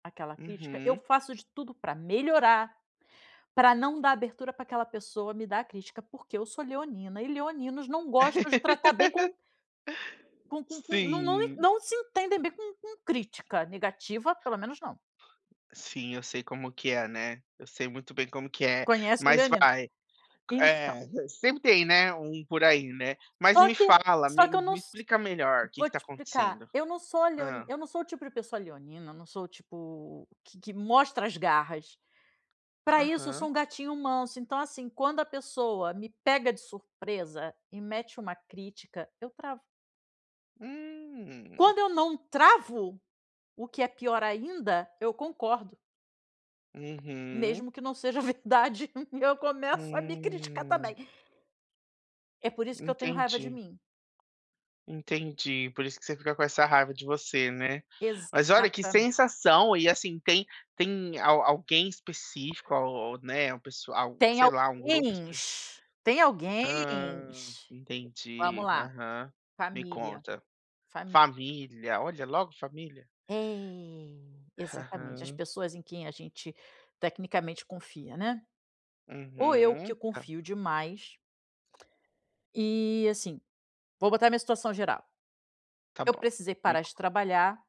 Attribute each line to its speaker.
Speaker 1: Aquela crítica, eu
Speaker 2: Uhum.
Speaker 1: faço de tudo pra melhorar, pra não dar abertura pra aquela pessoa me dar crítica, porque eu sou leonina, e leoninos não gostam de tratar bem com com com com, não não
Speaker 2: Sim.
Speaker 1: não se entendem bem com com crítica, negativa, pelo menos não.
Speaker 2: Sim, eu sei como que é, né. Eu sei muito bem como que é,
Speaker 1: Conhece o
Speaker 2: mas
Speaker 1: leonino
Speaker 2: vai. Q
Speaker 1: Então.
Speaker 2: é, sempre tem, né, um por aí, né. Mas
Speaker 1: Só
Speaker 2: me
Speaker 1: que
Speaker 2: fala,
Speaker 1: só
Speaker 2: me
Speaker 1: que eu não
Speaker 2: me
Speaker 1: s
Speaker 2: explica melhor o que que
Speaker 1: vou
Speaker 2: está
Speaker 1: te explicar,
Speaker 2: acontecendo.
Speaker 1: eu não sou leoni
Speaker 2: Hã.
Speaker 1: eu não sou o tipo de pessoa leonina, não sou tipo q que mostra as garras. Pra isso, eu sou
Speaker 2: Aham.
Speaker 1: um gatinho manso, então assim, quando a pessoa me pega de surpresa e mete uma crítica, eu travo.
Speaker 2: Hum.
Speaker 1: Quando eu não travo, o que é pior ainda, eu concordo.
Speaker 2: Uhum.
Speaker 1: Mesmo que não seja verdade, eu começo a me criticar também.
Speaker 2: Hum.
Speaker 1: É por isso que eu tenho raiva de
Speaker 2: Entendi.
Speaker 1: mim.
Speaker 2: Entendi, por isso que você fica com essa raiva de você, né. Mas olha, que
Speaker 1: Exatamente.
Speaker 2: sensação, e assim tem tem al alguém específico o ou, né, um pessoal,
Speaker 1: Tem
Speaker 2: sei lá, um grupo espe
Speaker 1: alguéns tem
Speaker 2: Hã.
Speaker 1: alguéns. Vamos
Speaker 2: Entendi,
Speaker 1: lá.
Speaker 2: aham. Me
Speaker 1: Família.
Speaker 2: conta.
Speaker 1: Família.
Speaker 2: Família, olha, logo família.
Speaker 1: É, exatamente. As
Speaker 2: Aham.
Speaker 1: pessoas em quem a gente tecnicamente confia, né. Ou eu que
Speaker 2: Uhum, tá.
Speaker 1: confio demais. E, assim, vou botar minha situação geral.
Speaker 2: Tá
Speaker 1: Eu
Speaker 2: bom,
Speaker 1: precisei
Speaker 2: me
Speaker 1: parar de
Speaker 2: con
Speaker 1: trabalhar.